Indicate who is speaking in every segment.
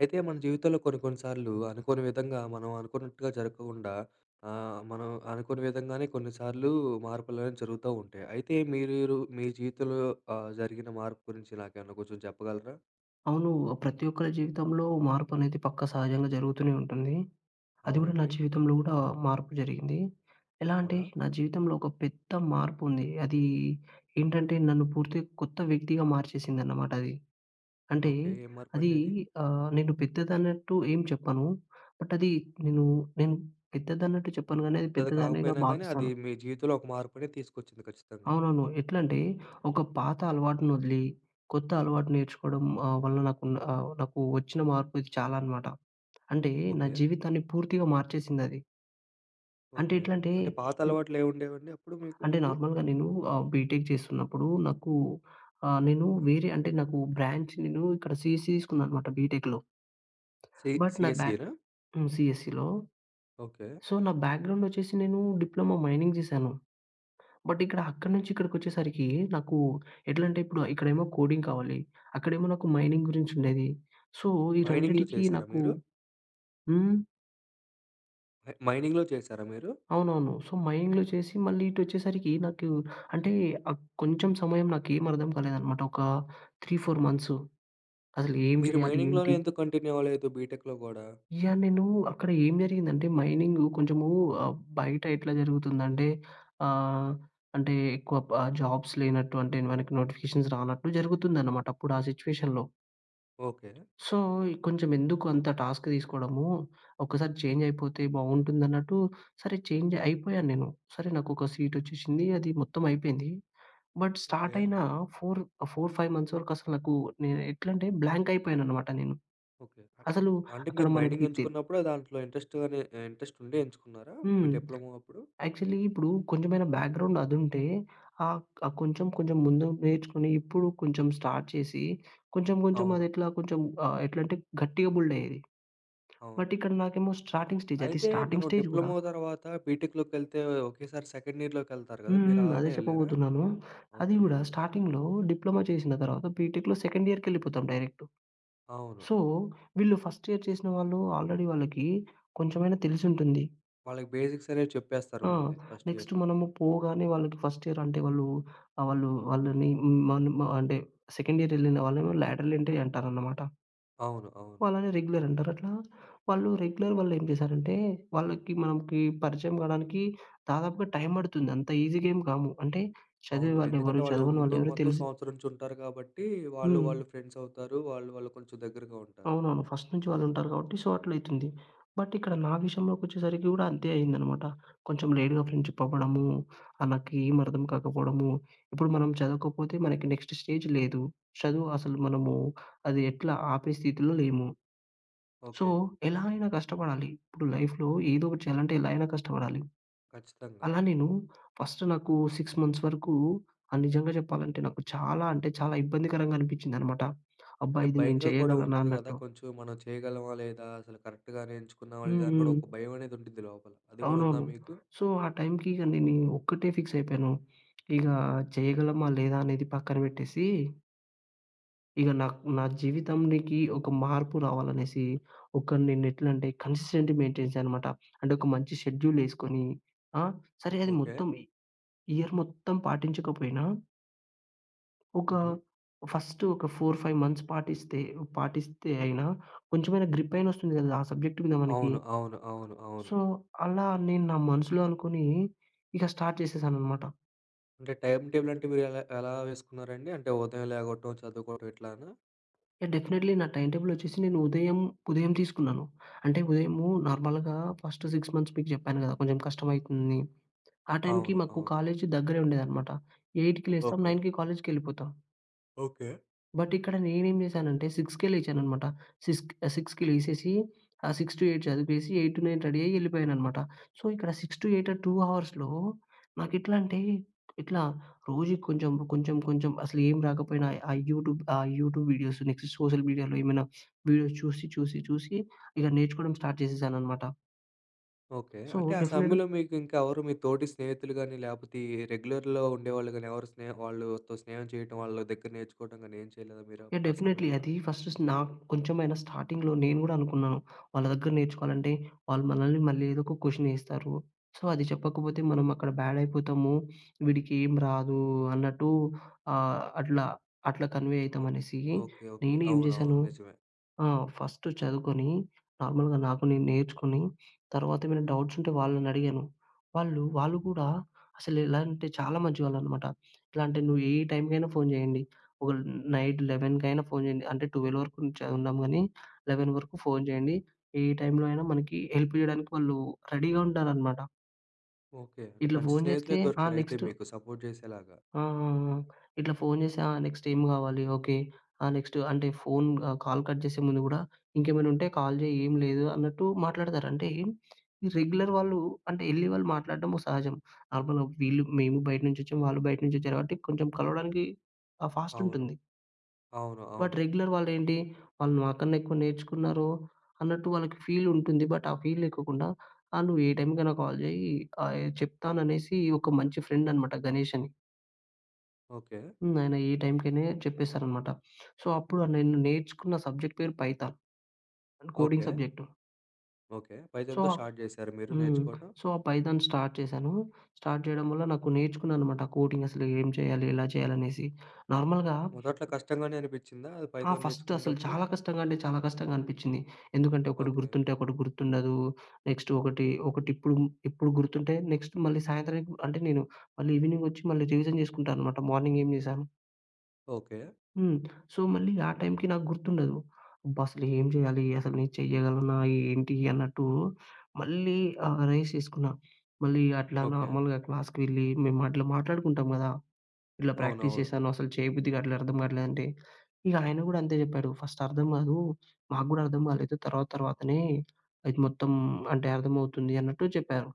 Speaker 1: అయితే, మన జీవితంలో కొన్ని కొన్నిసార్లు, అనుకోని విధంగా, మనం అనుకున్నట్టుగా జరక్కుండా ఆహ్, మనం అనుకోని విధంగానే కొన్నిసార్లు మార్పులనేవి జరుగుతా ఉంటాయి. అయితే మీరు, మీ జీవితంలో ఆహ్, జరిగిన మార్పు గురించి నాకేమన్నా కొంచెం చెప్పగలరా?
Speaker 2: అవునూ. ఆహ్, ప్రతి ఒక్కరి జీవితంలో మార్పనేది, పక్కా సహజంగా జరుగుతూనే ఉంటుంది. అది గూడా నా
Speaker 1: అవునండి.
Speaker 2: జీవితంలో గూడా మార్పు జరిగింది. ఎలా అంటే,
Speaker 1: అవునా!
Speaker 2: నా జీవితంలో ఒక పెద్ద మార్పుంది. అదీ ఏంటంటే, నన్ను పూర్తి కొత్త వ్యక్తిగా మార్చేసిందన్నమాటది. అంటే,
Speaker 1: ఓకే. ఏం
Speaker 2: అదీ
Speaker 1: మార్పండది?
Speaker 2: ఆహ్, నేను పెద్దదన్నట్టు ఏం చెప్పను. బట్ అది నేను, నేను పెద్దదన్నట్టు చెప్పను గానీ అది
Speaker 1: పెద్దది
Speaker 2: పెద్దదానిగా
Speaker 1: కాకపోయినా గానీ, అది
Speaker 2: భావిస్తాను.
Speaker 1: మీ జీవితంలో ఒక మార్పునిది తీసుకొచ్చింది. ఖచ్చితంగా!
Speaker 2: అవునవును. ఎట్లంటే, ఒక పాత అలవాటునొదిలి, కొత్త అలవాటు నేర్చుకోడం ఆహ్, వల్ల నాకున్న ఆహ్, నాకు వచ్చిన మార్పిది చాలా అనమాట. అంటే, నా
Speaker 1: ఓకే.
Speaker 2: జీవితాన్ని పూర్తిగా మార్చేసిందది. అంటే
Speaker 1: ఓకే.
Speaker 2: ఎట్లంటే,
Speaker 1: అంటే
Speaker 2: ఇవ్
Speaker 1: పాతలవాట్లేవుండేవండి అప్పుడు మీకు
Speaker 2: అంటే
Speaker 1: ముందు?
Speaker 2: నార్మల్‌గా నేను ఆహ్, బీటెక్ జేస్తున్నప్పుడు నాకు ఆహ్, నేను వేరే అంటే, నాకు బ్రాంచ్ నేను ఇక్కడ సిఎస్‌ఈ తీసుకున్నా అనమాట బీటెక్‌లో.
Speaker 1: సి
Speaker 2: బట్ నాకు బ్యా
Speaker 1: సిఎస్ఈ రా?
Speaker 2: హ్మ్. సిఎస్ఈ‌‌లో.
Speaker 1: ఓకే.
Speaker 2: సో, నా బ్యాగ్రౌండొచ్చేసి నేనూ డిప్లమో మైనింగ్ జేశాను. బట్ ఇక్కడ అక్కడి నుంచి ఇక్కడికొచ్చేసరికీ, నాకు ఎట్లంటే, ఇప్పుడా ఇక్కడేమో కోడింగ్ కావాలి. అక్కడేమో నాకు మైనింగురించుండేది. సో, ఈ
Speaker 1: మైనింగ్‌లు
Speaker 2: రెండిటికి
Speaker 1: చేసారా
Speaker 2: నాకు
Speaker 1: మీరు?
Speaker 2: హ్మ్?
Speaker 1: మైనింగ్‌లో చేసారా మీరు?
Speaker 2: అవునవును. సో మైనింగ్‌లో చేసి మళ్ళీ ఇటొచ్చేసరికి నాకు అంటే ఆహ్, కొంచెం సమయం నాకేమర్థం కాలేదనమాట. ఒక 3, 4 మంత్సు. అసలు ఏం
Speaker 1: మీరు
Speaker 2: చేయాలి?
Speaker 1: మైనింగ్‌లోనే
Speaker 2: ఏంటి?
Speaker 1: ఎందుకు కంటిన్యూ అవ్వలేదు బిటెక్‌లో కూడా?
Speaker 2: యాహ్! నేను అక్కడ ఏం జరిగిందంటే మైనింగు కొంచెము ఆహ్, బయటెట్లా జరుగుతుందంటే ఆహ్, అంటే ఎక్కువ బ జాబ్స్ లేనట్టు అంటే మనకి నోటిఫికేషన్స్ రానట్టు జరుగుతుందనమాట. అప్పుడా సిట్యుయేషన్‌లో.
Speaker 1: ఓకే.
Speaker 2: సో కొంచెం ఎందుకు అంత టాస్క్ తీసుకోవడము, ఒకసారి చేంజ్ అయిపోతే బావుంటుందన్నట్టు, సరే చేంజ్ అయిపోయాను నేను. సరే, నాకొక సీటొచ్చేసింది. అది మొత్తం అయిపోయింది. But start
Speaker 1: okay.
Speaker 2: అయిన 4, 4, 5 మంత్స్ వరకు అసలు నాకు నేనెట్లంటే బ్లాంక్ అయిపోయాననమాట నేను. అసలు
Speaker 1: అంటే
Speaker 2: అక్కడ
Speaker 1: మీరు మైనింగ్
Speaker 2: మనకి తె
Speaker 1: ఎంచుకున్నప్పుడు ఆ దాంట్లో ఇంట్రెస్ట్ అనే ఇంట్రెస్ట్ ఉండి ఎంచుకున్నారా? మీ
Speaker 2: హ్మ్.
Speaker 1: డిప్లొమా అప్పుడు?
Speaker 2: యాక్చువలి ఇప్పుడు కొంచెమైనా బ్యాక్‌గ్రౌండ్ అదుంటే ఆహ్, ఆహ్, కొంచెం, కొంచెం ముందు నేర్చుకొని ఇప్పుడు కొంచెం స్టార్ట్ చేసి కొంచెం, కొంచెం
Speaker 1: అవును.
Speaker 2: అదెట్లా కొంచెం ఆహ్, ఎట్లా అంటే గట్టిగా బిల్డ్ అయ్యేది.
Speaker 1: అవును.
Speaker 2: బట్ ఇక్కడ నాకేమో స్టార్టింగ్ స్టేజ్. అది
Speaker 1: అయితే మనం
Speaker 2: స్టార్టింగ్ స్టేజ్ గూడా.
Speaker 1: డిప్లొమా తర్వాత బీటెక్‍లోకెళ్తే ఒకేసారి సెకండ్ ఇయర్‌లోకి వెళ్తారు గదా!
Speaker 2: హ్మ్.
Speaker 1: మీరు
Speaker 2: హ్మ్. అదే
Speaker 1: అలానే వెళ్లారా?
Speaker 2: చెప్పబోతున్నాను. అది
Speaker 1: ఓకే.
Speaker 2: గూడా స్టార్టింగ్‌లో డిప్లొమా చేసిన తర్వాత బీటెక్‌లో సెకండ్ ఇయర్‌కి వెళ్ళిపోతాం డైరెక్టు.
Speaker 1: అవును.
Speaker 2: సో వీళ్ళు ఫస్ట్ ఇయర్ చేసిన వాళ్ళు ఆల్రెడీ వాళ్ళకి కొంచెమైనా తెలిసుంటుంది.
Speaker 1: వాళ్ళకి బేసిక్స్ అనేవి చెప్పేస్తారు
Speaker 2: ఆ!
Speaker 1: ముందే. ఫస్ట్
Speaker 2: నెక్స్ట్
Speaker 1: ఇయర్‌లో.
Speaker 2: మనము పోగానే వాళ్ళకి ఫస్ట్ ఇయర్ అంటే వాళ్ళు ఆహ్, వాళ్ళని మనం అంటే సెకండ్ ఇయర్ వెళ్ళిన వాళ్ళని లాడర్ ఎంట్రీ అంటారనమాట.
Speaker 1: అవును, అవును.
Speaker 2: వాళ్ళని రెగ్యులర్ అంటారు. అట్లా వాళ్ళు రెగ్యులర్ వాళ్లేం చేశారంటే, వాళ్ళకి మనకి పరిచయం కావడానికి దాదాపుగా టైమ్ పడుతుంది. అంత ఈజీగేం కాము. అంటే చదివే
Speaker 1: అవును.
Speaker 2: వాళ్ళు ఎవరు?
Speaker 1: ఎందుకంటే వాళ్ళు
Speaker 2: చదవని
Speaker 1: ముందు
Speaker 2: వాళ్ళు ఎవరు?
Speaker 1: మొత్తం
Speaker 2: తెలిసి
Speaker 1: సంవత్సరం నుంచి ఉంటారు కాబట్టి, వాళ్ళు
Speaker 2: హ్మ్.
Speaker 1: వాళ్ళు ఫ్రెండ్స్ అవుతారు. వాళ్ళు వాళ్ళు కొంచెం దగ్గరగా ఉంటారు.
Speaker 2: అవునవును. ఫస్ట్ నుంచి వాళ్ళుంటారు కాబట్టి సో అట్ల అయితుంది. బట్ ఇక్కడ నా విషయంలోకి వచ్చేసరికి గూడా అంతే అయిందనమాట. కొంచెం లేట్‌గా ఫ్రెండ్‌షిప్ అవ్వడము ఆహ్, నాకేమి అర్థం కాకపోవడము. ఇప్పుడు మనం చదవకపోతే మనకి నెక్స్ట్ స్టేజ్ లేదు. చదువు అసలు మనము అది ఎట్లా ఆపే స్థితిలో లేము. So
Speaker 1: okay.
Speaker 2: ఎలా అయినా కష్టపడాలి. ఇప్పుడు లైఫ్‌లో ఏదో ఒకటి చేయాలంటే ఎలాగైనా కష్టపడాలి.
Speaker 1: ఖచ్చితంగా.
Speaker 2: అలా నేను ఫస్ట్ నాకు 6 మంత్స్ వరకు ఆహ్, నిజంగా చెప్పాలంటే నాకు చాలా అంటే చాలా ఇబ్బందికరంగా అనిపించిందనమాట. అబ్బా!
Speaker 1: అంటే
Speaker 2: ఇది నేను
Speaker 1: భయంగా కూడా
Speaker 2: చేయగలనా?
Speaker 1: ఉంటుంది గదా!
Speaker 2: అన్నట్టు.
Speaker 1: కొంచెం మనం చేయగలమా? లేదా? అసలు కరెక్ట్‌గానే ఎంచుకున్నామా?
Speaker 2: హ్మ్.
Speaker 1: లేదా అని కూడా
Speaker 2: హ్మ్.
Speaker 1: ఒక భయం అనేది ఉంటుంది లోపల. అది గూడా ఉందా
Speaker 2: అవునవును.
Speaker 1: మీకు?
Speaker 2: సో ఆ టైమ్‌కి ఇగ నేను ఒక్కటే ఫిక్స్ అయిపోయాను. ఇక చేయగలమా లేదా? అనేది పక్కన పెట్టేసి ఇక నాకు నా జీవితాంనికి ఒక మార్పు రావాలి అనేసి, ఒకరిని నేను ఎట్ల అంటే కన్సీస్టన్సి మెయిన్టెనెన్స్ అన్నమాట. అంటే ఒక మంచి షెడ్యూలేసుకొని ఆహ్, సరే అది
Speaker 1: ఓకే.
Speaker 2: మొత్తం ఇయర్ మొత్తం పాటించకపోయినా... ఒక,
Speaker 1: హుహు.
Speaker 2: ఫస్ట్ ఒక 4, 5 మంత్స్ పాటిస్తే ఆహ్, పాటిస్తే అయినా, కొంచమైన గ్రిప్ అయినా వస్తుంది కదా, ఆ సబ్జెక్ట్ మీద మనకి.
Speaker 1: అవును, అవును, అవును, అవును.
Speaker 2: సో, అలా నేను నా మనసులో అనుకోని, ఇక స్టార్ట్ చేసానన్నమాట.
Speaker 1: అంటే టైమ్ టేబుల్ అంటే మీరు ఎలా ఎలా వేసుకున్నారండి? అంటే ఉదయం లేగటం, చదువుకోవటం ఇట్లానా?
Speaker 2: డెఫినేట్‌లీ నా టైమ్ టేబులొచ్చేసి నేను ఉదయం ఉదయం తీసుకున్నాను. అంటే, ఉదయము నార్మల్‌గా ఫస్ట్ 6 మంత్స్ మీకు చెప్పాను కదా! కొంచెం కష్టం అయితుంది. ఆ టైమ్‌కి
Speaker 1: అవును.
Speaker 2: మాకు
Speaker 1: అవును.
Speaker 2: కాలేజ్ దగ్గరే ఉండేదన్నమాట. 8కి లేస్తాం
Speaker 1: ఓకే.
Speaker 2: 9కి కాలేజ్‌కెవెళ్ళిపోతా.
Speaker 1: ఓకే.
Speaker 2: బట్, ఇక్కడ నేనేం చేశానంటే, 6కే లేచాననమాట. సిక్స్ ఆహ్, 6కి లేసేసి, ఆ 6-8 చదివేసి 8-9 రెడీయ్యెళ్ళిపోయాననమాట. సో, ఇక్కడ 6-8 ఆ 2 అవర్స్‌లో నాకు ఎట్లా అంటే, ఇట్లా రోజుకి కొంచెం, కొంచెం, కొంచెం అసలు ఏం రాకపోయినా, ఆ యూట్యూబ్ ఆహ్, యూట్యూబ్ వీడియోస్ నెక్స్ట్ సోషల్ మీడియాలో ఏమైనా వీడియోస్ చూసి, చూసి, చూసి ఇక నేర్చుకోవడం స్టార్ట్ చేసేశాననమాట.
Speaker 1: ఓకే.
Speaker 2: సో,
Speaker 1: అంటే ఆ
Speaker 2: డెఫినిట్
Speaker 1: సమయంలో, మీకు ఇంకా ఎవరు మీ తోటి స్నేహితులు గాని లేపోతే, ఈ రెగ్యులర్‌లో ఉండేవాళ్ళు గాని, ఎవరు స్నే వాళ్ళతో స్నేహం చేయటం. వాళ్ళ దగ్గర నేర్చుకోవడం గాని ఏమి చేయలేదా మీరు
Speaker 2: యాహ్!
Speaker 1: ఆ
Speaker 2: డెఫినైట్‌లీ.
Speaker 1: సమయంలో?
Speaker 2: అది ఫస్ట్ నాకు కొంచెమైనా స్టార్టింగ్‌లో నేను కూడా అనుకున్నా. వాళ్ళ దగ్గర నేర్చుకోవాలంటే, వాళ్ళు మనల్ని మళ్ళీ ఏదో ఒక క్వశ్చనేస్తారు. సో, అది చెప్పకపోతే మనం అక్కడ బ్యాడ్ అయిపోతాము. వీడికి ఏమి రాదు అన్నట్టు ఆహ్, అట్లా, అట్లా కన్వే
Speaker 1: ఓహ్!
Speaker 2: అవుతామనేసి.
Speaker 1: ఓకే. ఓకే.
Speaker 2: నేను ఏం
Speaker 1: అవునవును.
Speaker 2: చేసాను
Speaker 1: నిజమే.
Speaker 2: ఆహ్, ఫస్ట్ చదువుకొని, నార్మల్‌గా నాకు నేను నేర్చుకొని, తర్వాత ఏమైనా డౌట్స్ ఉంటే వాళ్ళని అడిగాను. వాళ్ళు వాళ్ళు కూడా అసలు ఎలా అంటే, చాలా మంచి వాళ్ళనమాట. ఎట్లా అంటే, "నువ్వు ఏ టైమ్‌కైనా ఫోన్ చేయండి. ఓహ్, నైట్ లెవెన్‍కైనా ఫోన్ చేయండి," అంటే 12:00 వరకు ఉంచ ఉన్నాం గానీ. 11:00 వరకు ఫోన్ చేయండి. ఏ టైమ్‌లో అయినా మనకి హెల్ప్ చేయడానికి వాళ్ళు రెడీగా ఉంటారనమాట.
Speaker 1: ఓకే. అంటే
Speaker 2: ఇట్లా
Speaker 1: మంచి
Speaker 2: ఫోన్
Speaker 1: స్నేహితులే
Speaker 2: చేస్తే, ఆ
Speaker 1: దొరికారు అయితే
Speaker 2: నెక్స్ట్
Speaker 1: మీకు. సపోర్ట్ చేసేలాగా.
Speaker 2: ఆ! ఆ! ఆ! ఇట్లా ఫోన్ చేసి ఆ నెక్స్ట్ ఏం కావాలి, ఓకే, ఆ నెక్స్ట్ అంటే ఫోన్ ఆహ్, కాల్ కట్ చేసే ముందు కూడా ఇంకేమైనా ఉంటే కాల్ చేయి ఏం లేదు అన్నట్టు మాట్లాడతారు. అంటే, ఈ రెగ్యులర్ వాళ్ళు అంటే వెళ్లి వాళ్ళు మాట్లాడడం సహజం. నార్మల్‌గా వీళ్ళు మేము బయట నుంచొచ్చాం, వాళ్ళు బయట నుంచొచ్చారు. కాబట్టి కొంచెం కలవడానికి ఆహ్, ఫాస్ట్
Speaker 1: అవును.
Speaker 2: ఉంటుంది.
Speaker 1: అవును.
Speaker 2: బట్
Speaker 1: అవును.
Speaker 2: రెగ్యులర్ వాళ్ళు ఏంటి, వాళ్ళు నాకన్నా ఎక్కువ నేర్చుకున్నారు అన్నట్టు వాళ్ళకి ఫీల్ ఉంటుంది. బట్ ఆ ఫీల్ లేక కుండా ఆహ్, "నువ్వు ఏ టైమ్‌కైనా కాల్ చేయి ఆహ్, చెప్తాను" అనేసి. ఒక మంచి ఫ్రెండ్ అనమాట గణేష్ అని.
Speaker 1: ఓకే.
Speaker 2: హ్మ్. ఆయన ఈ టైంకనే చెప్పేసారనమాట. సో, అప్పుడ నేను నేర్చుకున్న సబ్జెక్ట్ పేరు Python. Coding
Speaker 1: okay.
Speaker 2: Subject.
Speaker 1: Okay.
Speaker 2: So,
Speaker 1: పైథాన్‌తో
Speaker 2: ఆ
Speaker 1: స్టార్ట్ జేసారా మీరు
Speaker 2: హ్మ్.
Speaker 1: నేర్చుకోవటం?
Speaker 2: సో, ఆ పైథాన్ స్టార్ట్ చేశాను. స్టార్ట్ చేయడం వల్ల, నాకు నేర్చుకున్నా అనమాట. కోటింగసలు ఏం చేయాలి? ఎలా చేయాలనేసి. నార్మల్‌గా
Speaker 1: మొదట్లో కష్టంగానే అనిపిచ్చిందా, అది
Speaker 2: హా!
Speaker 1: పైథాన్
Speaker 2: ఫస్టు అసలు
Speaker 1: నేర్చుకునేటప్పుడు?
Speaker 2: చాలా కష్టంగా అంటే, చాలా కష్టంగా అనిపిచ్చింది. ఎందుకంటే, ఒకటి
Speaker 1: ఓకే.
Speaker 2: గుర్తుంటే, ఒకటి గుర్తుండదు. నెక్స్ట్ ఒకటి, ఒకటిప్పుం టిప్పూ గుర్తుంటే, నెక్స్ట్ మళ్ళీ సాయంత్రంకి అంటే, నేను మళ్ళీ ఈవినింగొచ్చి, మళ్ళీ రివిజన్ చేసుకుంటా అనమాట మార్నింగ్ ఏం జేశాను.
Speaker 1: ఓకే.
Speaker 2: హ్మ్. సో, మళ్ళీ ఆ టైంకి నాకు గుర్తుండదు. అబ్బ! అసలు ఏం చేయాలి? అసలు నే చెయ్యగలనా, ఏంటి అన్నట్టు, మళ్ళీ ఆహ్, రైజ్ చేసుకున్నా. మళ్ళీ అట్లా
Speaker 1: ఓకే.
Speaker 2: నార్మల్‌గా క్లాస్‌కి వెళ్ళి, మేము అట్ల మాట్లాడుకుంటాం గదా! ఇల ప్రాక్టీస్
Speaker 1: అవునవును.
Speaker 2: చేశాను. అసలు చేయబుద్ధిగాట్లే, అట్లా అర్థం గాట్లే అంటే, ఇహ ఆయన కూడా అంతే చెప్పాడు "ఫస్ట్ అర్థం కాదు. మాకు గూడా అర్థం కాలేదు. తర్వాత తర్వాతనే, అది మొత్తం అంటే అర్థమవుతుంది" అన్నట్టు చెప్పారు.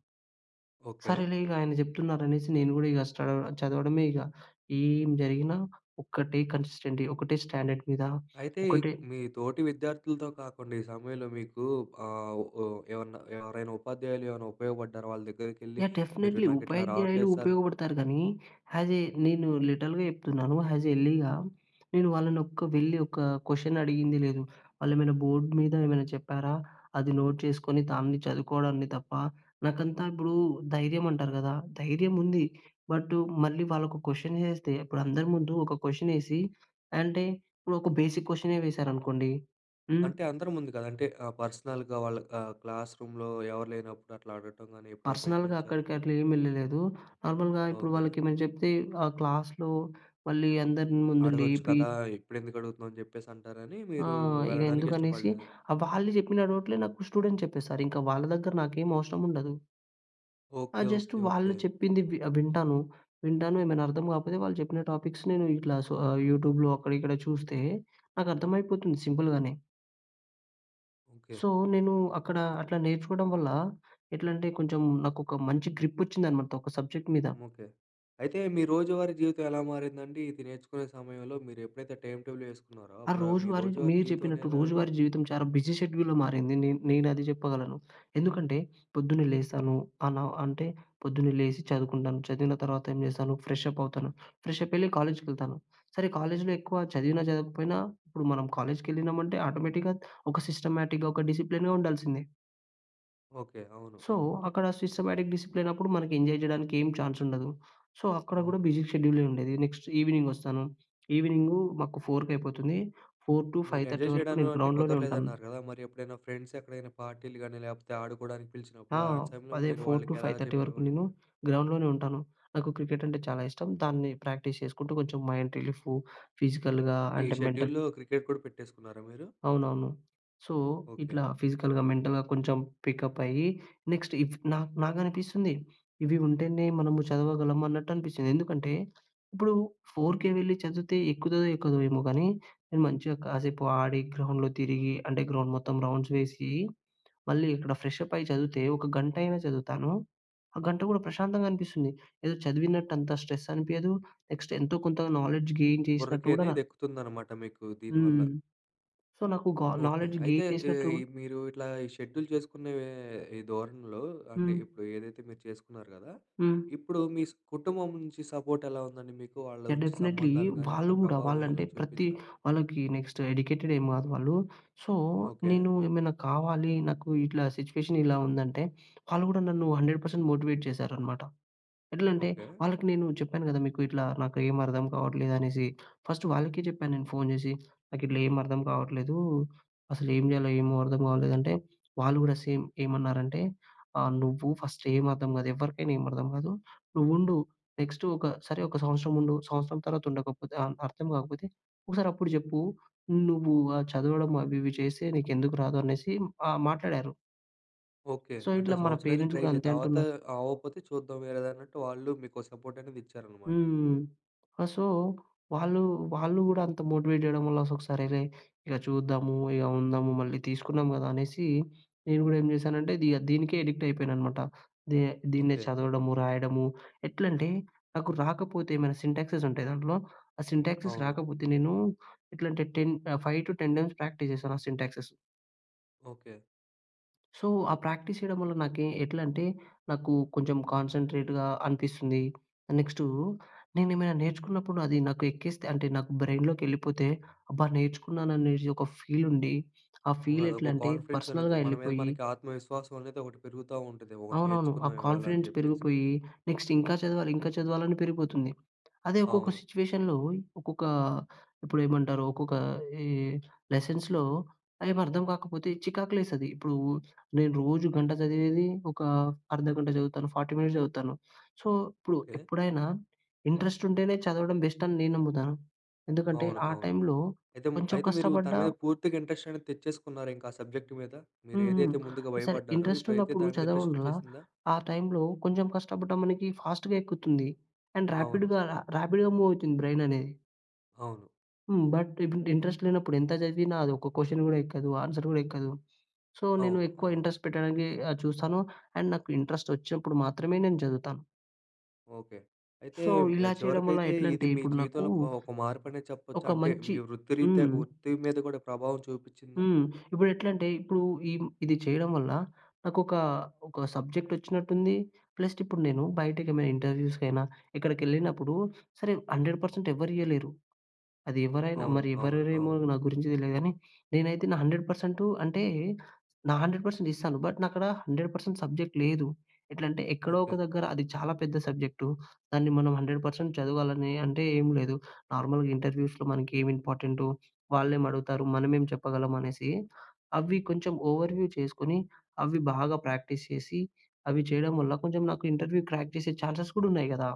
Speaker 1: ఓకే.
Speaker 2: సరేలే ఇగాయన చెప్తున్నారనేసి, నేను గూడా ఇగ స్టడౌ చదవడమే ఇగ. ఏం జరిగినా, ఒకటే కన్‌సిస్టెన్టీ, ఒకటే స్టాండర్డ్ మీద,
Speaker 1: అయితే,
Speaker 2: ఒకటే
Speaker 1: మీ తోటి విద్యార్థులతో కాకుండా, ఈ సమయంలో, మీకు ఆహ్, ఓహ్, ఏవన్నా, ఎవరైనా ఉపాధ్యాయులు ఏవెనా ఉపయోగపడ్డారా? వాళ్ళ దగ్గరికెళ్ళి,
Speaker 2: యాహ్!
Speaker 1: మీరు
Speaker 2: డెఫినెట్లీ.
Speaker 1: నాకిట్లా
Speaker 2: ఉపాధ్యాయులు
Speaker 1: రావట్లేదు సార్
Speaker 2: ఉపయోగపడతారు గానీ, హ్యసే నేను లిటరల్‌గా చెప్తున్నాను. హ్యాజ్ ఎల్లీగా. నేను వాళ్ళనొక్క వెళ్ళి, ఒక కొషనడిగింది లేదు. వాళ్ళేమేనా బోర్డ్ మీద ఏమైనా చెప్పారా? అది నోట్ చేసుకొని, దాన్ని చదువుకోవడాన్ని తప్ప నాకంతా ఇప్పుడు ధైర్యమంటారు కదా! ధైర్యం ఉంది బటు, మళ్ళీ వాళ్ళొక క్వషన్ ఏహేస్తే, అపుడందరి ముందు ఒక క్వషనేసి, అంటే, ఇప్పుడు ఒక బేసిక్ క్వషనే వేసేరనుకోండి. హ్మ్.
Speaker 1: అంటే, అందరు ముందు కాదు. అంటే, ఆహ్, పర్సనల్‌గా వాళ్ళ ఆహ్, క్లాస్ రూమ్‌లో ఎవరు లేనప్పుడు, అట్లా అడగటం గాని ఎప్పుడైనా
Speaker 2: పర్సనల్‌గా
Speaker 1: ప్రయత్నించారా?
Speaker 2: అక్కడికట్ల ఏం వెళ్ళలేదు. నార్మల్‌గా, ఇప్పుడు
Speaker 1: ఓకే.
Speaker 2: వాళ్ళకేమెనా చెప్తే ,ఆ క్లాస్‌లో మళ్ళీ అందరి ముందు
Speaker 1: అడగొచ్చు
Speaker 2: లేపి
Speaker 1: కదా? ఇప్పుడెందుకు అడుగుతున్నావు? అని జెప్పేసంటారని,
Speaker 2: ఆ!
Speaker 1: మీరు
Speaker 2: ఇక
Speaker 1: వెళ్ళడానికి
Speaker 2: ఎందుకనేసి,
Speaker 1: ఇష్టపడలేదు.
Speaker 2: ఆహ్, వాళ్ళు చెప్పిన డౌట్లే నాకు స్టూడెంట్ చెప్పేసారింక. వాళ్ళ దగ్గర నాకేం అవసరం ఉండదు. ఆ!
Speaker 1: ఓకే,
Speaker 2: జస్టు
Speaker 1: ఓకే,
Speaker 2: వాళ్ళు
Speaker 1: ఓకే.
Speaker 2: చెప్పింది వి ఆహ్, వింటాను. వింటాను ఏమైనా అర్థం కాకపోతే, వాళ్ళు చెప్పిన టాపిక్స్ నేను ఇట్లా సొ, ఆహ్, యూట్యూబ్‍లో అక్కడ, ఇక్కడ చూస్తే, నాకర్థమైపోతుంది సింపుల్‌గానే.
Speaker 1: ఓకే.
Speaker 2: సో, నేను అక్కడ అట్లా నేర్చుకోవడం వల్ల, ఎట్లంటే కొంచెం, నాకొక మంచి గ్రిప్పోచ్చిందనమాట, ఒక సబ్జెక్ట్ మీద.
Speaker 1: ముకే అయితే, మీ రోజువారీ జీవితం ఎలా మారిందండి, ఇది నేర్చుకునే సమయంలో? మీరెప్పుడైతే టైం టేబులేసుకున్నారో
Speaker 2: ఆ
Speaker 1: అప్పుడా మీ
Speaker 2: రోజువారీ
Speaker 1: రోజువారీ
Speaker 2: మీరు
Speaker 1: జీవితం
Speaker 2: చెప్పినట్టు,
Speaker 1: అనెలా
Speaker 2: రోజువారి జీవితం చాలా బిజీ షెడ్యూల్‌లో మారింది. నేన్ నేనది చెప్పగలను. ఎందుకంటే, పొద్దున్నే లేస్తాను, అలా అంటే, పొద్దున్నే లేసి చదువుకుంటాను, చదివిన తర్వాత ఏం చేస్తాను, ఫ్రెష్ అప్పవుతాను. ఫ్రెష్ అప్పెళ్లి కాలేజ్‌కెళ్తాను. సరే కాలేజ్‌లో ఎక్కువ చదివినా చదవకపోయినా, ఇప్పుడు మనం కాలేజ్‌కెళ్ళినామంటే, ఆటోమేటిక్‌గా ఒక సిస్టమాటిక్‌గా, ఒక డిసిప్లిన్‌గా ఉండాల్సిందే.
Speaker 1: ఓకే. అవును,
Speaker 2: సో,
Speaker 1: అవును.
Speaker 2: అక్కడ సిస్టమాటిక్, డిసిప్లినప్పుడు, మనకి ఎంజాయ్ జేయడానికేం చాన్సుండదు. సో, అక్కడ కూడా
Speaker 1: అవును.
Speaker 2: బిజీ షెడ్యూలే ఉండేది. నెక్స్ట్, ఈవినింగొస్తాను, ఈవినింగు మాకు ఫోరుకైపోతుంది, ఫోర్ టూ
Speaker 1: మీరు
Speaker 2: ఫైవ్ థర్టీ
Speaker 1: ఎంజాయ్
Speaker 2: వరకు
Speaker 1: చేయడంలో
Speaker 2: నేను
Speaker 1: అంటే
Speaker 2: గ్రౌండ్‌లోనే ఉంటాను.
Speaker 1: కుదరలేదన్నారు గదా! మరి ఎప్పుడైనా ఫ్రెండ్సెక్కడైనా పార్టీలు గాని, లేపోతే ఆడుకోవడానికి
Speaker 2: ఆ!
Speaker 1: పిలిచినప్పుడు, అలాంటి సమయంలో
Speaker 2: అదే,
Speaker 1: మీరు
Speaker 2: ఫోర్ టూ
Speaker 1: వాళ్ళకెలా
Speaker 2: ఫైవ్ థర్టీ వరకు
Speaker 1: చెప్పేవాళ్ళు,
Speaker 2: నేను
Speaker 1: మీరు?
Speaker 2: గ్రౌండ్‍లోనే ఉంటాను. నాకు క్రికెటంటే చాలా ఇష్టం, దాన్ని ప్రాక్టీస్ చేసుకుంటూ కొంచెం మైండ్ రిలీఫు ఫిజికల్‌గా
Speaker 1: ఓకే. ఈ
Speaker 2: అంటే మెంటల్
Speaker 1: షెడ్యూల్‌లో క్రికెట్ కూడా పెట్టేసుకున్నారా మీరు?
Speaker 2: అవునవును. So,
Speaker 1: okay.
Speaker 2: ఇట్లా ఫిజికల్‌గా, మెంటల్‌గా కొంచెం పికప్పయ్యి, నెక్స్ట్ ఇఫ్ నా నాకనిపిస్తుంది, ఇవి ఉంటేనే మనము చదవగలము అన్నట్టనిపిచ్చింది. ఎందుకంటే, ఇప్పుడు 4:00కే వెళ్ళి చదివితే, ఎక్కుతదో ఎక్కదో ఏమో గానీ, నేను మంచిగా కాసేపు ఆడి, గ్రౌండ్‍లో తిరిగి, అంటే గ్రౌండ్ మొత్తం రౌండ్స్ వేసి, మళ్ళీ ఇక్కడ ఫ్రెష్ అప్పయి చదివితే, ఒక గంటయినా చదువుతాను. ఆ గంట గూడా ప్రశాంతంగా అనిపిస్తుంది. ఏదో చదివినట్టు అంత స్ట్రెస్ అనిపియదు, నెక్స్ట్ ఎంతో కొంత నాలెడ్జ్ గెయిన్ చేసినట్టు గూడా నా
Speaker 1: బుర్రకనేది ఎక్కుతుందనమాట మీకు దీనివల్ల.
Speaker 2: హ్మ్. సో, నాకు గా
Speaker 1: ఓకే.
Speaker 2: నాలెడ్జ్
Speaker 1: అయితే
Speaker 2: గెయిన్ చేసినట్టు
Speaker 1: ఏయి మీరు ఇట్లా ఈ షెడ్యూల్ జేసుకునే ఈ ధోరణిలో, అంటే
Speaker 2: హ్మ్.
Speaker 1: ఇప్పుడు ఏదైతే మీరు చేసుకున్నారు గదా!
Speaker 2: హ్మ్.
Speaker 1: ఇప్పుడు మీస్ కుటుంబం నుంచి సపోర్టెలా ఉందండి మీకు? వాళ్ళ
Speaker 2: యాహ్!
Speaker 1: ఉంచి
Speaker 2: డెఫినిట్లీ.
Speaker 1: సంబంధాలు గాని అట్లా
Speaker 2: వాళ్ళు గూడా,
Speaker 1: ప్రభావం ఎలా
Speaker 2: వాళ్ళంటే ప్రతి
Speaker 1: చూపిందా?
Speaker 2: వాళ్ళకి నెక్స్టు ఎడికేటెడ్ ఏం గాదు వాళ్ళు. So,
Speaker 1: okay.
Speaker 2: నేను ఏమైనా కావాలి, నాకు ఇట్లా సిట్యుయేషనిలా ఉందంటే, వాళ్ళు గూడా నన్ను 100% మోటివేట్ చేసారనమాట. ఎట్లంటే,
Speaker 1: ఓకే.
Speaker 2: వాళ్ళకి నేను చెప్పాను గదా! మీకు ఇట్లా, నాకేం అర్థం కావట్లేదనేసి. ఫస్టు వాళ్ళకీ చెప్పా నేను ఫోన్ చేసి, నాకిట్లా ఏం అర్దం కావట్లేదు. అసలు ఏం చేయాలో, ఏమో అర్థం అవలేదంటే, వాళ్ళు గూడా సేమ్, ఏమన్నారంటే, "ఆ! నువ్వు ఫస్టేం అర్థం గాదు, ఎవరికైనా ఏమి అర్థం గాదు. నువ్వుండు, నెక్స్టు ఒక సరే ఒక సంవత్సరం ఉండు. సంవత్సరం తర్వాత ఉండకపోతే ఆన్ అర్థం కాకపోతే, ఒకసారప్పుడు చెప్పు. నువ్వు ఆహ్, చదవడం అవి ఇవి చేసే నీకెందుకు రాదు?" అనేసి ఆహ్, మాట్లాడారు.
Speaker 1: ఓకె,
Speaker 2: సో,
Speaker 1: "అంటే,
Speaker 2: ఇట్లా
Speaker 1: ఓ
Speaker 2: మన
Speaker 1: సంవత్సరం అయితే
Speaker 2: పేరెంట్స్
Speaker 1: ట్రై
Speaker 2: గూడా
Speaker 1: చెయి,
Speaker 2: అంతే
Speaker 1: తర్వాత
Speaker 2: అంటున్నారు.
Speaker 1: అవ్వకపోతే చూద్దాం, వేరేదన్నట్టు", వాళ్ళు మీకో సపోర్టనేది ఇచ్చారన్నమాట.
Speaker 2: హ్మ్. ఆహ్, సో, వాళ్ళు, వాళ్ళు గూడా అంత మోటివేట్ జేయడం వల్ల, [unintelligible] సరేలే, ఇలా చూద్దాము, ఇక ఉందాము, మళ్ళీ తీసుకున్నాం గదా! అనేసి, నేను గూడా ఏం చేశానంటే, అది యాహ్, దీనికే అడిక్ట్ అయిపోయాను అనమాట. దే దీన్నే
Speaker 1: ఓకె.
Speaker 2: చదవడము, రాయడము, ఎట్లంటే నాకు రాకపోతే ఏమైనా సింటాక్సెస్ ఉంటాయి దాంట్లో, ఆ సింటాక్సెస్
Speaker 1: అవును.
Speaker 2: రాకపోతే నేను ఎట్లంటే టెన్ ఆహ్, 5-10 టైమ్స్ ప్రాక్టీస్ జేశానా సింటాక్సెసు.
Speaker 1: ఓకె.
Speaker 2: సో, ఆ ప్రాక్టీస్ చేయడం వల్ల నాకే ఎట్లంటే, నాకు కొంచెం కాన్సంట్రేటుగా అనిపిస్తుంది. ఆహ్, నెక్స్టూ, నేనేమైనా నేర్చుకున్నప్పుడు అది నాకు ఎక్కేస్తే, అంటే నాకు బ్రైయిన్‌లోకెళ్ళిపోతే అబ్బా! నేర్చుకున్నాననేటి ఒక ఫీలుండి, ఆ
Speaker 1: అవునదొక
Speaker 2: ఫీలెట్లంటే
Speaker 1: కాన్ఫిడెన్సనేదొ,
Speaker 2: పర్సనల్‌గా
Speaker 1: మన మీద
Speaker 2: ఎళ్ళిపోయి
Speaker 1: మనకి ఆత్మవిశ్వాసం అనేదొకటి పెరుగుతా ఉంటది. ఒకటి
Speaker 2: అవునవును. ఆ
Speaker 1: నేర్చుకున్నాం ఇవ్వాళ అని
Speaker 2: కాన్ఫిడెన్స్
Speaker 1: జెప్పేసి.
Speaker 2: పెరిగిపోయి. నెక్స్ట్ ఇంకా చదవాలి, ఇంకా చదవాలని పెరిగిపోతుంది. అదే ఒక్కొక్క
Speaker 1: అవును.
Speaker 2: సిట్యుయేషన్‌లో, ఒక ఇప్పుడేమంటారు, ఒక్కొక్క ఈ లెసన్స్‌లో ఏం అర్థం కాకపోతే చికాకులేసది. ఇప్పుడు నేను రోజు గంట చదివేది, ఒక అర్ధ గంట చదువుతాను, 40 మినిట్స్ చదువుతాను. సో, ఇప్పుడు,
Speaker 1: ఓకె.
Speaker 2: ఎప్పుడైనా, ఇంట్రెస్టుంటేనే చదవడం బెస్టని నేనమ్ముతాను. ఎందుకంటే,
Speaker 1: అవును,
Speaker 2: ఆ
Speaker 1: అవును.
Speaker 2: టైంలో
Speaker 1: ఐతేము
Speaker 2: కొంచెం
Speaker 1: అయితే మీరు దాని
Speaker 2: కష్టపడ్డా
Speaker 1: మీద, పూర్తిగా ఇంట్రెస్టనేది తెచ్చేసుకున్నారింక ఆ సబ్జెక్టు మీద?
Speaker 2: హ్మ్. హ్మ్.
Speaker 1: మీరేదైతే ముందుగా
Speaker 2: సరే,
Speaker 1: భయపడ్డారో, ఇప్పుడైతే
Speaker 2: ఇంట్రెస్టున్నప్పుడు
Speaker 1: దాని మీద ఇంట్రెస్ట్
Speaker 2: చదవడం వల్ల,
Speaker 1: వచ్చేసిందా?
Speaker 2: ఆ టైంలో కొంచెం కష్టపడ్డా మనకి ఫాస్ట్‌గా ఎక్కుతుంది. అండ్
Speaker 1: అవును.
Speaker 2: ర్యాపిడ్‌గా, రా ర్యాపిడ్‌గా మూవ్ అవుతుంది బ్రెయిననేది.
Speaker 1: అవును.
Speaker 2: హ్మ్. బట్ ఇంట్ ఇంట్రెస్ట్ లేనప్పుడు ఎంత చదివిన, అది ఒక క్వశ్చన్ కూడా ఎక్కదు. ఆన్స‌ర్ కూడా ఎక్కదు. సో, నేను
Speaker 1: అవును.
Speaker 2: ఎక్కువ
Speaker 1: అవును.
Speaker 2: ఇంట్రెస్ట్ పెట్టడానికె ఆహ్, చూస్తాను. అండ్, నాకు ఇంట్రెస్ట్ వచ్చినప్పుడు మాత్రమే నేను చదువుతాను.
Speaker 1: ఓకే. అయితే,
Speaker 2: సో, ఇలా చేయడం వల్ల
Speaker 1: చివరికైతే, ఇది
Speaker 2: ఎట్లంటే
Speaker 1: మీ
Speaker 2: ఇప్పుడు నాకు,
Speaker 1: జీవితంలో ఒక, ఒక మార్పు అనే చెప్పొచ్చా?
Speaker 2: ఒక
Speaker 1: అంటే,
Speaker 2: మంచి
Speaker 1: మీ వృత్తిరీత్య,
Speaker 2: హ్మ్.
Speaker 1: వృత్తి మీద కూడా ప్రభావం చూపించిందా?
Speaker 2: హ్మ్. ఇప్పుడు ఎట్లంటే, ఇప్పుడు ఇ ఇది చేయడం వల్ల, నాకొక, ఒక సబ్జెక్ట్ వచ్చినట్టు ఉంది. ప్లస్ ఇప్పుడు నేను, బయటకి ఏమైనా ఇంటర్వ్యూస్‌కైనా, ఎక్కడికి వెళ్ళినప్పుడు, సరే 100% ఎవరు ఇయ్యలేరు. అది ఎవరైనా,
Speaker 1: అవును,
Speaker 2: మరి
Speaker 1: అవును,
Speaker 2: ఎవరేరేమో
Speaker 1: అవును.
Speaker 2: నా గురించి తెలియదు గానీ, నేనైతే నా 100% అంటే, నా 100% ఇస్తాను. బట్ నా అక్కడ, 100% సబ్జెక్ట్ లేదు. ఎట్లంటే, ఎక్కడో ఒక
Speaker 1: ఓకే.
Speaker 2: దగ్గర అది చాలా పెద్ద సబ్జెక్టూ, దాన్ని మనం 100% చదవాలని అంటే ఏం లేదు, నార్మల్‌గా ఇంటర్వ్యూస్‍లో మనకి ఏమి ఇంపార్టెంటో, వాళ్ళేమి అడుగుతారు? మనమేం చెప్పగలం అనేసి, అవి కొంచెం ఓవర్‌వ్యూ చేసుకొని, అవి బాగా ప్రాక్టీస్ చేసి, అవి చేయడం వల్ల, కొంచెం నాకు ఇంటర్వ్యూ క్రాక్ చేసే ఛాన్సెస్ కూడా ఉన్నాయి కదా!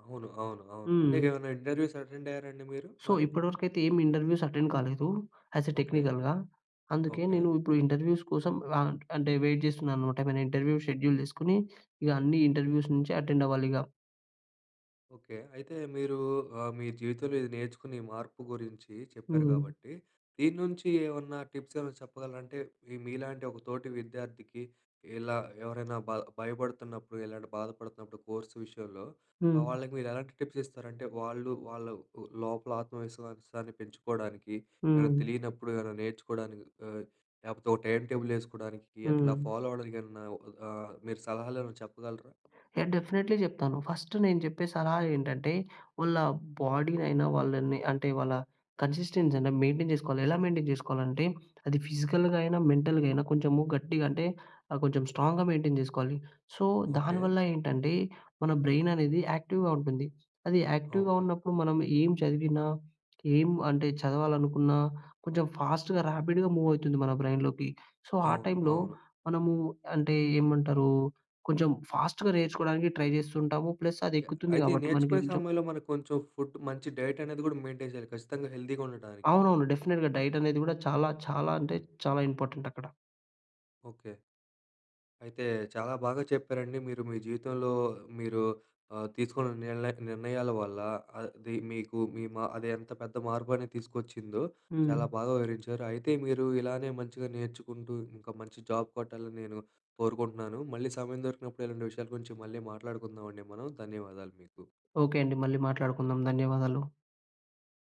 Speaker 1: అవును, అవును, అవును. అంటే
Speaker 2: హ్మ్.
Speaker 1: ఏమన్నా ఇంటర్వ్యూస్ అటెండ్ అయ్యారా అండి మీరు.
Speaker 2: సో,
Speaker 1: మరి?
Speaker 2: ఇప్పటివరకైతే, ఏమి ఇంటర్వ్యూస్ అటెండ్ కాలేదు. As a
Speaker 1: okay.
Speaker 2: టెక్నికల్‌గా. అందుకే,
Speaker 1: ఓకే.
Speaker 2: నేను ఇప్పుడు ఇంటర్వ్యూస్ కోసం ఆహ్, అంటే వెయిట్ చేస్తున్నానన్నమాట. ఏమైనా ఇంటర్వ్యూ షెడ్యూల్ చేసుకొని, ఇక అన్ని ఇంటర్వ్యూస్ నుంచి అటెండ్ అవ్వాలి ఇక.
Speaker 1: ఓకే. అయితే మీరు ఆహ్, మీ జీవితంలో ఇది నేర్చుకుని ఈ మార్పు గురించి చెప్పారు
Speaker 2: హ్మ్.
Speaker 1: గాబట్టి, దీన్నుంచి ఏవన్నా టిప్స్ ఏవనా చెప్పగలరా? అంటే, మీ మీలాంటి ఒక తోటి విద్యార్థికి, ఇలా ఎవరైనా బ భయపడుతున్నప్పుడు ఇలాంటి బాధపడుతున్నప్పుడు కోర్స్ విషయంలో, ఆహ్,
Speaker 2: హ్మ్.
Speaker 1: వాళ్ళకి మీరెలాంటి టిప్స్ ఇస్తారంటే, వాళ్ళు వాళ్ళవ్ ఉ లోపల ఆత్మవిశ్వాసాన్ని పెంచుకోడానికి, ఏవేనా
Speaker 2: హ్మ్.
Speaker 1: తెలియనప్పుడు ఏవేనా నేర్చుకోడానికి, ఆహ్, లేపోతే ఓ టైం టేబులేసుకోడానికి, అట్లా
Speaker 2: హ్మ్.
Speaker 1: ఫాలో అవ్వడానికి ఏవన్నా ఒక ఆహ్, మీరు సలహాలేవెనా చెప్పగలరా?
Speaker 2: నేను డెఫినిట్లీ చెప్తాను. ఫస్టు నేను చెప్పే సలహా ఏంటంటే, వాళ్ళ బోడీనైనా, వాళ్ళని అంటే, వాళ్ళ కన్సిస్టెన్సీ అయినా మెయిన్‌‌టైన్ చేసుకోవాలి. ఎలా మెయిన్‌‌టైన్ చేసుకోవాలంటే, అది ఫిజికల్‌గా అయినా మెంటల్‌గయినా, కొంచెము గట్టిగంటే, ఆహ్, కొంచెం స్ట్రాంగ్‍గా మెయిన్‌‌టైన్ చేసుకోవాలి. So,
Speaker 1: okay.
Speaker 2: దానివల్ల ఏంటంటే, మన బ్రె‌యిననేది యాక్టివ్‍గా ఉంటుంది. అది యాక్టివ్‌గా
Speaker 1: ఓకే.
Speaker 2: ఉన్నప్పుడు, మనం ఏం చదివినా, ఏం అంటే, చదవాలనుకున్నా, కొంచెం ఫాస్ట్‌గా, ర్యాపిడ్‌గా మూవ్ అయితుంది మన బ్రె‌యిన్‌లోకి. సో, ఆ
Speaker 1: అవును.
Speaker 2: టైంలో,
Speaker 1: అవును.
Speaker 2: మనము అంటే, ఏమంటరు, కొంచెం ఫాస్ట్‌గా నేర్చుకోడానికి ట్రై జేస్తుంటాము. ప్లస్
Speaker 1: య
Speaker 2: అదెక్కుతుంది
Speaker 1: అయితే
Speaker 2: గాబట్టి,
Speaker 1: నేర్చుకునే
Speaker 2: మనకి కొంచెం
Speaker 1: సమయంలో, మన కొంచెం ఫుడ్, మంచి డైట్ అనేది గూడా మెయిన్‌టైన్ చేయాలి, కచ్చితంగా హెల్దీగా ఉండడానికి.
Speaker 2: అవునవును. డెఫినిట్‌గా, డైట్ అనేది గూడా, చాలా, చాలా అంటే చాలా ఇంపార్టెంటక్కడ.
Speaker 1: ఓకే. అయితే, చాలా బాగా చెప్పారండి మీరు. మీ జీవితంలో మీరు ఆహ్, తీసుకున్న నిల్నె నిర్ణయాల వల్ల అది, మీకు మీ మా అది ఎంత పెద్ద మార్పనేది తీసుకొచ్చిందో,
Speaker 2: హ్మ్.
Speaker 1: చాలా బాగా వివరించారు. అయితే, మీరు ఇలానే మంచిగా నేర్చుకుంటూ, ఇంక మంచి జాబ్ కొట్టాలని, నేను కోరుకుంటున్నాను. మళ్ళీ సమయం దొరికినప్పుడు, ఇలాంటి విషయాల గురించి మళ్ళీ మాట్లాడుకుందావండి మనం. ధన్యవాదాలు మీకు.
Speaker 2: ఓకే అండి. మళ్ళీ మాట్లాడుకుందాం. ధన్యవాదాలు.